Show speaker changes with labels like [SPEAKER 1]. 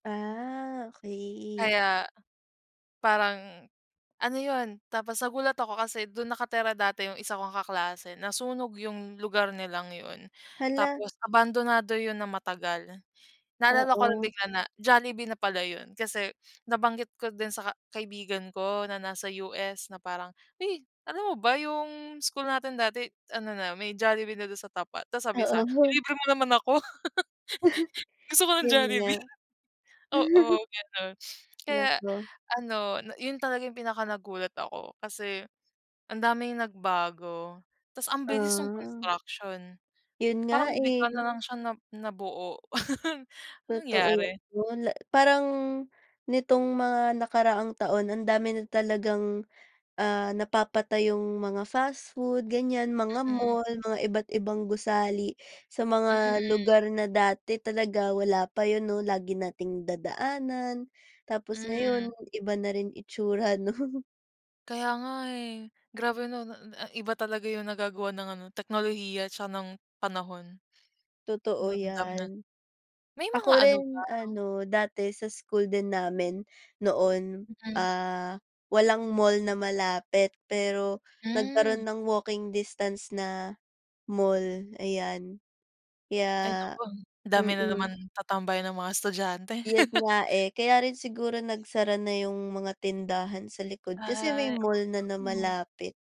[SPEAKER 1] Ah, okey.
[SPEAKER 2] Kaya parang, ano 'yon tapos nagulat ako kasi do'on nakatira dati 'yong isa kong kaklase. Nasunog 'yong lugar nilang 'yon.
[SPEAKER 1] Hala.
[SPEAKER 2] Tapos abandonado 'yon nang matagal. Naalala ko lang
[SPEAKER 1] Oo.
[SPEAKER 2] bigla na Jollibee na pala 'yon. Kasi nabanggit ko din sa ka kaibigan ko na nasa US na parang, "Uy, alam mo ba 'yong school natin dati, ano na, may Jollibee na do'n sa tapat." Tapos sabi sa
[SPEAKER 1] Oo,
[SPEAKER 2] 'kin,
[SPEAKER 1] huh.
[SPEAKER 2] "Ilibre mo naman ako. Gusto ko ng
[SPEAKER 1] 'Yon nga.
[SPEAKER 2] Jollibee." Oo, gano'n. Kaya
[SPEAKER 1] Naku.
[SPEAKER 2] ano na 'yon talaga 'yong pinaka nagulat ako. Kasi ang daming nagbago, 'tas ang bilis no'ng
[SPEAKER 1] Ah.
[SPEAKER 2] construction.
[SPEAKER 1] 'Yon nga,
[SPEAKER 2] Parang
[SPEAKER 1] eh,
[SPEAKER 2] bigla na
[SPEAKER 1] 'no.
[SPEAKER 2] lang siya na nabuo. Anong
[SPEAKER 1] Totoo ya
[SPEAKER 2] yari?
[SPEAKER 1] 'yon la parang nitong mga nakaraang taon ang dami na talagang, ah, napapatayong mga fast food ganiyan, mga
[SPEAKER 2] Mm.
[SPEAKER 1] mall, mga iba't ibang gusali sa
[SPEAKER 2] Hmm.
[SPEAKER 1] mga lugar na dati talaga wala pa 'yon, 'no. Lagi nating nadadaanan tapos ngayon
[SPEAKER 2] Hmm.
[SPEAKER 1] iba na rin itsura, 'no.
[SPEAKER 2] Kaya nga, eh. Grabe 'no, na naa iba talaga 'yong nagagawa ng, ano, teknolohiya 'tsaka ng panahon.
[SPEAKER 1] Totoo
[SPEAKER 2] Mga dami na
[SPEAKER 1] 'yan.
[SPEAKER 2] may
[SPEAKER 1] Ako
[SPEAKER 2] mga ano ba
[SPEAKER 1] rin, ano, dati sa school din namin noon,
[SPEAKER 2] Mm.
[SPEAKER 1] ah, walang mall na malapit pero nagkaroon
[SPEAKER 2] Hmm.
[SPEAKER 1] ng walking distance na mall, ayan. Kaya
[SPEAKER 2] Ay, naku. Dami na naman
[SPEAKER 1] mm.
[SPEAKER 2] tatambayan ng mga estudyante.
[SPEAKER 1] 'Yon nga, eh, kaya rin siguro nagsara na 'yong mga tindahan sa likod kasi may
[SPEAKER 2] Ay, oo
[SPEAKER 1] mall
[SPEAKER 2] nga,
[SPEAKER 1] na na
[SPEAKER 2] 'no.
[SPEAKER 1] malapit.